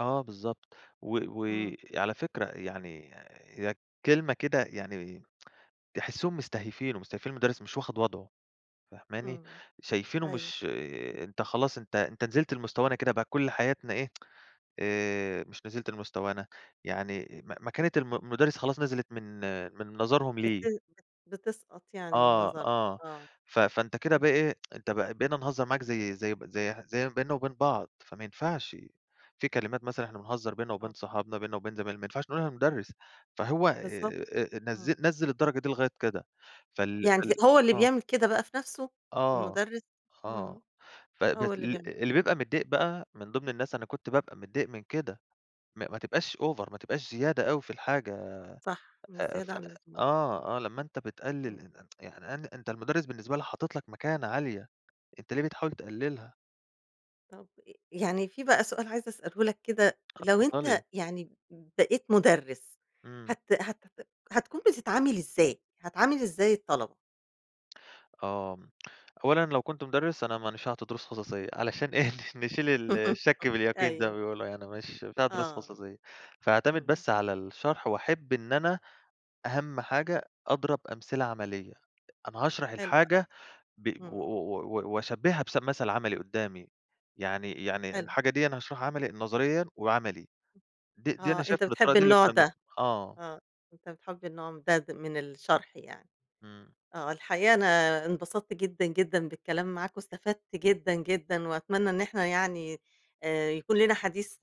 آه بالضبط، و إمم. وعلى فكرة يعني هي الكلمة كده يعني تحسِّهم مستهيفينُه، مستهيفين المُدرّس، مش واخد وضعه فاهماني، إمم، شايفينه أيوه. مش أنت خلاص أنت أنت نزلت لمستوانا كده بقى كُلّ حياتنا إيه، آآ، مش نزلت لمستوانا، يعني م مكانة الم م المُدرّس خلاص نزلت من من نظرهم بت ليه. بت بتسقط يعني من آه، نظرهم، آه آه، ف فأنت كده بقى اهم. إيه، أنت ب بقينا نهزر معاك زي زي ب زي زي ما بيننا وبين بعض، فما ينفعش، في كلمات مثلًا إحنا بنهزر بيننا وبين آه. صحابنا، بيننا وبين زمايلنا، ما ينفعش نقُولها لمدرّس، فهو بالضبط، آآ، نزِّل إمم. نزِّل الدرجة دي لغاية كده، فال يعني فال ت هو اللي آه. بيعمل كده بقى في نفسه؟ آه، المُدرِّس، آه إمم، ف بس هو اللي ال بيعمل اللي كده. بيبقى متضايق بقى من ضمن الناس، أنا كنت بابقى متضايق من كده، ما ما تبقاش over ما تبقاش زيادة أوي في الحاجة، صح، مش آآ، ف زيادة عن اللزوم. آه، آه لمّا أنت إمم. بتقلل إن إن يعني إن أنت المُدرّس بالنسبة لي، حاطط لك مكانة عالية، أنت ليه بتحاول تقلِّلها؟ طَب ي يعني في بقى سؤال عايزة أسأله لك كده، آه، لو أنت اتفضّلي. يعني بقيت مُدرِّس، إمم. هت هتت هتكون بتتعامل إزاي، هتعامل إزاي الطلبة؟ آه، أولًا لو كنت مُدرِّس أنا ما نيش عاطي دروس خصوصية، علشان إيه، ن نشيل ال الشك باليقين زي ما أيوه. بيقولوا، يعني مش بتاع دروس آه، خصوصية، فهاعتمد إمم. بس على الشرح وأحِبّ إن أنا أهم حاجة أضرب أمثلة عملية، أنا هاشرح حلو أوي، الحاجة ب و إمم. و و وأشبهّها بث بمثَل عمَلي قدَّامي، يعني يعني حلو. الحاجة ديًا هاشرحها عمِلي نظريًا وعملي، [unintelligible] دي دي آه، أنا شايف أنت إن الطريقة بتحب دي اللي النوع [unintelligible] بيها، ده، آه. آه، أنت بتحب النوع ده د من الشرح يعني، إمم. آه. الحقيقة أنا انبسطت جدًا، جدًا بالكلام معاك، واستفدت جدًا، جدًا، وأتمنى إن إحنا يعني آآ، يكون لينا حديث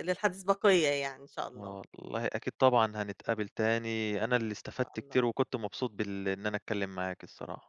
للحديث بقيّة يعني، إن شاء الله. آه والله، أكيد طبعًا هنتقابل تاني، أنا اللي إن شاء استفدت الله. كتير وكنت مبسوط بال إن أنا أتكلِّم معاكِ الصراحة.